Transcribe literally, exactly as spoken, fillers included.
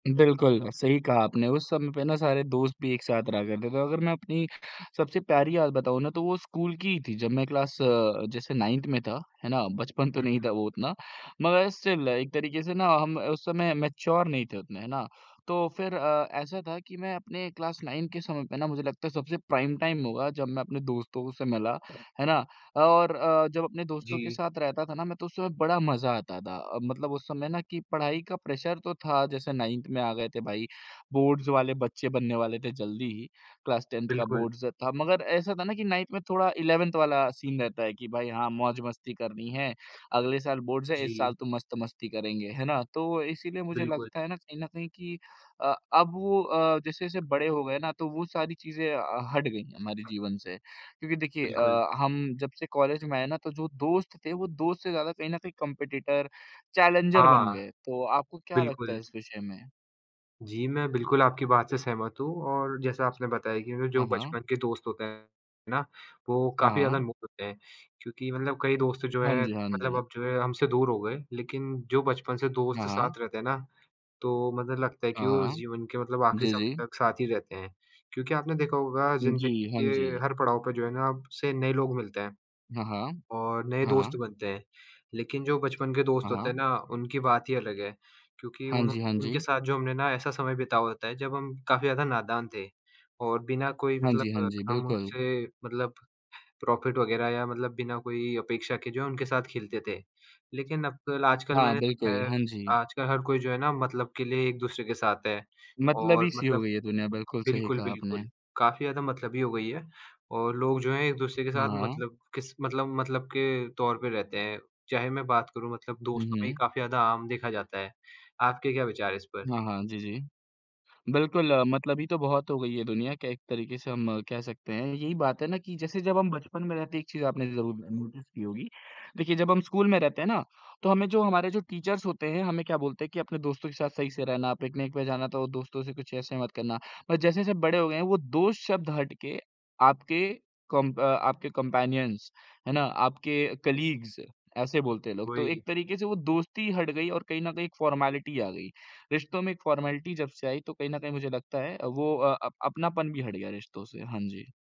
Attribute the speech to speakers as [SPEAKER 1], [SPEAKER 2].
[SPEAKER 1] बिल्कुल सही कहा आपने, उस समय पे ना सारे दोस्त भी एक साथ रहा करते थे। अगर मैं अपनी सबसे प्यारी याद बताऊँ ना तो वो स्कूल की ही थी जब मैं क्लास अ, जैसे नाइन्थ में था है ना, बचपन तो
[SPEAKER 2] हुँ,
[SPEAKER 1] नहीं
[SPEAKER 2] हुँ।
[SPEAKER 1] था वो उतना मगर स्टिल एक तरीके से ना हम उस समय मैच्योर नहीं थे उतने है ना, तो फिर अ, ऐसा था कि मैं अपने क्लास नाइन के समय पे ना, मुझे लगता है सबसे प्राइम टाइम होगा जब मैं अपने दोस्तों से मिला है ना, और अ, जब अपने दोस्तों के
[SPEAKER 2] जी।
[SPEAKER 1] साथ रहता था ना मैं तो उस समय बड़ा मज़ा आता था। मतलब उस समय ना कि पढ़ाई का प्रेशर तो था जैसे नाइन्थ में आ गए थे भाई बोर्ड्स वाले बच्चे बनने वाले थे, जल्दी ही क्लास टेन्थ का
[SPEAKER 2] बिल्कुल।
[SPEAKER 1] बोर्ड्स था। मगर ऐसा था ना कि नाइन्थ में थोड़ा इलेवेंथ वाला सीन रहता है कि भाई हाँ, मौज-मस्ती करनी है। अगले साल बोर्ड्स हैं, इस
[SPEAKER 2] जी।
[SPEAKER 1] साल तो मस्त मस्ती करेंगे है ना, तो इसीलिए मुझे
[SPEAKER 2] बिल्कुल।
[SPEAKER 1] लगता है ना कहीं न कहीं कि अ, अब वो अ, जैसे-जैसे बड़े हो गए ना तो वो सारी चीज़ें हट गयीं हमारे जीवन से। क्योंकि देखिए
[SPEAKER 2] बिल्कुल।
[SPEAKER 1] अ, हम जब से कॉलेज में आए ना तो जो दोस्त थे वो दोस्त से ज़्यादा कहीं न कहीं कॉम्पिटिटर, चैलेंजर बन
[SPEAKER 2] हाँ।
[SPEAKER 1] गए। तो आपको क्या लगता है
[SPEAKER 2] बिल्कुल।
[SPEAKER 1] इस विषय में?
[SPEAKER 2] जी, मैं बिल्कुल आपकी बात से सहमत हूँ और जैसा आपने बताया कि जो
[SPEAKER 1] हाँ, हाँ।
[SPEAKER 2] बचपन के दोस्त होते हैं ना, वो काफ़ी ज़्यादा
[SPEAKER 1] हाँ।
[SPEAKER 2] अनमोल होते हैं। क्योंकि मतलब कई दोस्त जो
[SPEAKER 1] हाँ
[SPEAKER 2] हैं,
[SPEAKER 1] जी, हाँ
[SPEAKER 2] मतलब
[SPEAKER 1] जी।
[SPEAKER 2] अब जो हैं हमसे दूर हो गए, लेकिन जो बचपन से
[SPEAKER 1] हाँ,
[SPEAKER 2] दोस्त
[SPEAKER 1] हाँ।
[SPEAKER 2] साथ रहते हैं ना, तो मतलब लगता है कि
[SPEAKER 1] हाँ,
[SPEAKER 2] वो
[SPEAKER 1] हाँ।
[SPEAKER 2] जीवन के मतलब आखिरी
[SPEAKER 1] जी,
[SPEAKER 2] समय
[SPEAKER 1] जी।
[SPEAKER 2] तक साथ ही रहते हैं। क्योंकि आपने देखा होगा
[SPEAKER 1] जी,
[SPEAKER 2] ज़िंदगी
[SPEAKER 1] हाँ
[SPEAKER 2] के
[SPEAKER 1] जी।
[SPEAKER 2] हर पड़ाव पे जो है ना, आपसे नए लोग मिलते हैं
[SPEAKER 1] हाँ, हाँ।
[SPEAKER 2] और नए दोस्त
[SPEAKER 1] हाँ।
[SPEAKER 2] बनते हैं। लेकिन जो बचपन के दोस्त
[SPEAKER 1] हाँ।
[SPEAKER 2] होते हैं
[SPEAKER 1] हाँ।
[SPEAKER 2] ना, उनकी बात ही अलग है, क्योंकि
[SPEAKER 1] हाँ
[SPEAKER 2] उन
[SPEAKER 1] जी, हाँ
[SPEAKER 2] उनके
[SPEAKER 1] जी।
[SPEAKER 2] साथ जो हमने ना ऐसा समय बिताया होता है जब हम काफ़ी ज़्यादा नादान थे और बिना कोई
[SPEAKER 1] हाँ जी, हाँ
[SPEAKER 2] मतलब
[SPEAKER 1] जी,
[SPEAKER 2] हम
[SPEAKER 1] बिल्कुल।
[SPEAKER 2] उनसे मतलब प्रॉफ़िट वग़ैरह या मतलब बिना कोई अपेक्षा के जो है, उनके साथ खेलते थे। लेकिन अब आजकल
[SPEAKER 1] हाँ,
[SPEAKER 2] मैंने देखा
[SPEAKER 1] बिल्कुल।
[SPEAKER 2] है,
[SPEAKER 1] हाँ जी।
[SPEAKER 2] आजकल हर कोई जो है ना मतलब के लिए एक-दूसरे के साथ है
[SPEAKER 1] मतलबी
[SPEAKER 2] और
[SPEAKER 1] सी हो
[SPEAKER 2] मतलब
[SPEAKER 1] गई है दुनिया, बिल्कुल सही
[SPEAKER 2] बिल्कुल,
[SPEAKER 1] कहा आपने।
[SPEAKER 2] बिल्कुल। काफ़ी ज़्यादा मतलबी हो गई है और लोग जो हैं, एक-दूसरे के साथ
[SPEAKER 1] हाँ।
[SPEAKER 2] मतलब किस मतलब, मतलब के तौर पे रहते हैं। चाहे मैं बात करूँ मतलब
[SPEAKER 1] हुँ,
[SPEAKER 2] दोस्तों में ही
[SPEAKER 1] हुँ।
[SPEAKER 2] काफ़ी ज़्यादा आम देखा जाता है, आपके क्या विचार हैं इस पर?
[SPEAKER 1] हाँ, हाँ। जी, जी। बिल्कुल, मतलबी तो बहुत हो गई है दुनिया। क एक तरीके से हम कह सकते हैं यही बात है ना कि जैसे जब हम बचपन में रहते एक चीज़ आपने ज़रूर नोटिस की होगी। देखिए जब हम स्कूल में रहते हैं ना, तो हमें जो हमारे जो टीचर्स होते हैं हमें क्या बोलते हैं कि अपने दोस्तों के साथ सही से रहना, पिकनिक पे जाना तो दोस्तों से कुछ ऐसा मत करना। मगर जैसे-जैसे बड़े हो गए हैं, वो दोस्त शब्द हट के आपके कॉम्प अ, आपके कम्पैनियन्स है ना, आपके कलीग्स ऐसे बोलते हैं लोग। तो
[SPEAKER 2] वही।
[SPEAKER 1] एक तरीके से वो दोस्ती हट गई और कहीं न कहीं एक फॉर्मेलिटी आ गई। रिश्तों में एक फॉर्मेलिटी जब से आई तो कहीं न कहीं मुझे लगता है वो अ, अपनापन भी हट गया रिश्तों से। हाँ जी।